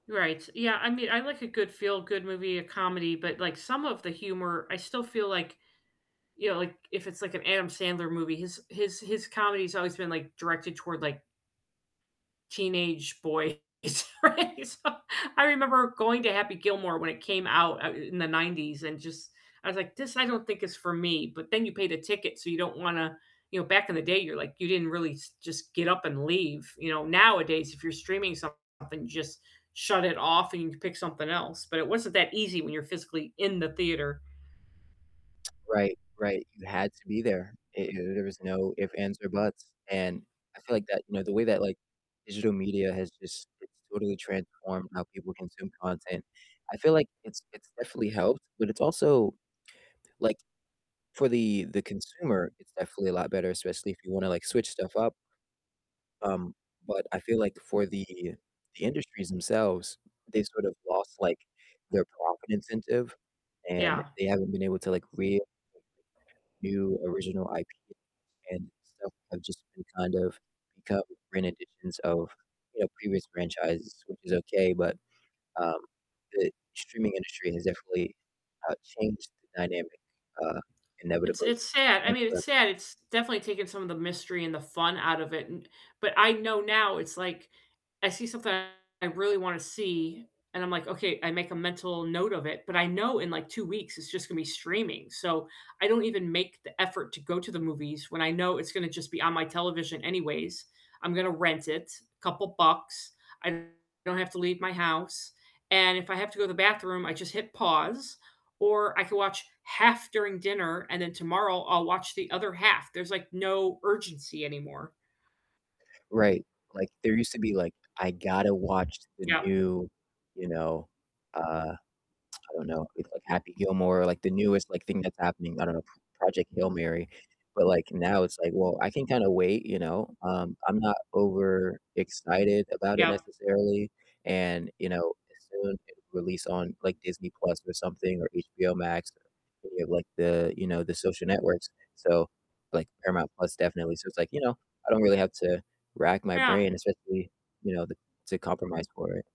Right, yeah, I mean, I like a good feel-good movie, a comedy, but, like, some of the humor, I still feel, like, you know, like, if it's, like, an Adam Sandler movie, his his his comedy's always been, like, directed toward, like teenage boys, right? So, I remember going to Happy Gilmore when it came out, uh, in the '90s, and just I was, like, "This I don't think is for me," but then you paid a ticket, so you don't wanna you know, back in the day, you're, like, you didn't really s just get up and leave, you know? Nowadays, if you're streaming something, you just shut it off and you pick something else, but it wasn't that easy when you're physically in the theater. Right, right, you had to be there, it there there was no if, ands, or buts, and I feel, like, that you know, the way that, like, digital media has just it's totally transformed how people consume content. I feel, like, it's it's definitely helped, but it's also like, for the the consumer, it's definitely a lot better, especially if you wanna, like, switch stuff up. Um, but I feel, like, for the the industries themselves, they've sort of lost, like, their profit incentive, and Yeah. they haven't been able to, like, real [unintelligible] new original IP and stuff have just been kind of become re-editions of, you know, previous franchises, which is okay, but, um, the streaming industry has definitely, uh, changed the dynamic, uh, It's inevitably, it's sad I and mean, it's for sad, it's definitely taken some of the mystery and the fun out of it and but, I know now, it's, like, I see something I really wanna see, and I'm, like, "Okay," I make a mental note of it, but I know in, like, 2 weeks it's just gonna be streaming, so I don't even make the effort to go to the movies when I know it's gonna just be on my television anyways. I'm gonna rent it, couple bucks, I don't have to leave my house, and if I have to go to the bathroom, I just hit pause, or I could watch half during dinner, and then tomorrow I'll watch the other half, there's, like, no urgency anymore. Right, like, there used to be, like, I gotta watch the Yeah. new, you know, uh I don't know, movie like Happy Gilmore, like, the newest, like, thing that's happening I don't know, Project Hail Mary, but, like, now it's, like, "Well, I can kinda wait," you know? Um, I'm not overexcited about it, Yeah. necessarily, and, you know, as soon it release on, like, Disney Plus or something, or HBO Max or any of, like, the, you know the social networks, so, like, Paramount Plus definitely, so it's, like, you know, I don't really have to rack my Yeah. brain, especially, you know, the to compromise for it.